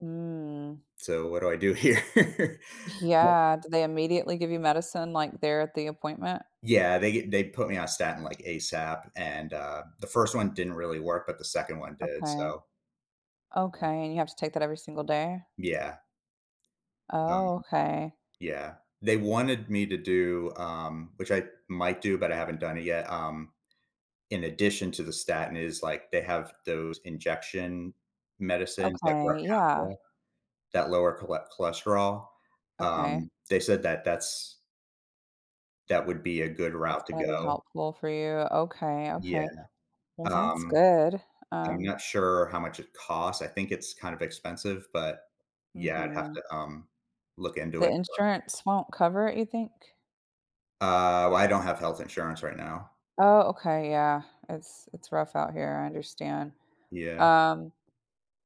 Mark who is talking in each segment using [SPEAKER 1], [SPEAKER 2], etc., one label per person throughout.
[SPEAKER 1] Mm.
[SPEAKER 2] So, what do I do here? Yep.
[SPEAKER 1] Yeah. Do they immediately give you medicine, like, there at the appointment?
[SPEAKER 2] Yeah, they ge they put me on statin, like, ASAP, and, uh, the 1st one didn't really work, but the 2nd one did,
[SPEAKER 1] Okay.
[SPEAKER 2] so Yeah.
[SPEAKER 1] Okay, and you have to take that every single day?
[SPEAKER 2] Yeah.
[SPEAKER 1] Oh,
[SPEAKER 2] Um
[SPEAKER 1] okay.
[SPEAKER 2] yeah, they wanted me to do, um- which I might do, but I haven't done it yet- um, in addition to the statin is like, they have those injection medicines like
[SPEAKER 1] Okay, yeah.
[SPEAKER 2] Repatha that lower chole cholesterol.
[SPEAKER 1] Okay.
[SPEAKER 2] Um, they said that that's that would be a good
[SPEAKER 1] That's
[SPEAKER 2] route to
[SPEAKER 1] gonna be
[SPEAKER 2] go.
[SPEAKER 1] helpful for you. Okay,
[SPEAKER 2] Yeah.
[SPEAKER 1] okay. Well, that's
[SPEAKER 2] Um,
[SPEAKER 1] good,
[SPEAKER 2] I'm
[SPEAKER 1] um
[SPEAKER 2] not sure how much it costs; I think it's kind of expensive, but, yeah, I'd have
[SPEAKER 1] Mhm.
[SPEAKER 2] to, um, look into
[SPEAKER 1] The
[SPEAKER 2] it more.
[SPEAKER 1] insurance won't cover it, you think?
[SPEAKER 2] Uh, well, I don't have health insurance right now.
[SPEAKER 1] Oh, okay, yeah. It's it's rough out here, I understand.
[SPEAKER 2] Yeah.
[SPEAKER 1] Um,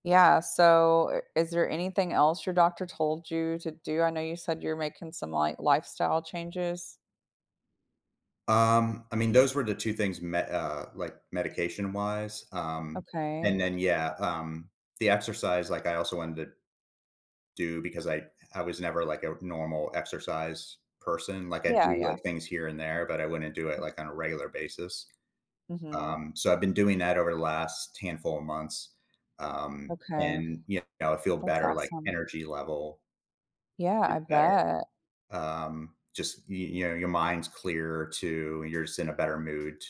[SPEAKER 1] yeah, so, i is there anything else your doctor told you to do? I know you said you're making some, like, lifestyle changes.
[SPEAKER 2] Um, I mean, those were the 2 things me uh, like, medication-wise, um, and
[SPEAKER 1] Okay.
[SPEAKER 2] then, yeah, um, the exercise, like, I also wanted to do because I I was never, like, a normal exercise person. Like, I
[SPEAKER 1] Yeah,
[SPEAKER 2] do,
[SPEAKER 1] yeah.
[SPEAKER 2] like, things here and there, but I wouldn't do it, like, on a regular basis,
[SPEAKER 1] Mhm.
[SPEAKER 2] um, so, I've been doing that over the last handful of months, um,
[SPEAKER 1] Okay.
[SPEAKER 2] and, you know, I feel
[SPEAKER 1] That's
[SPEAKER 2] better, like,
[SPEAKER 1] awesome.
[SPEAKER 2] energy level
[SPEAKER 1] Yeah,
[SPEAKER 2] is
[SPEAKER 1] I
[SPEAKER 2] better.
[SPEAKER 1] bet.
[SPEAKER 2] Um, just y you know, your mind's clearer too, you're just in a better mood t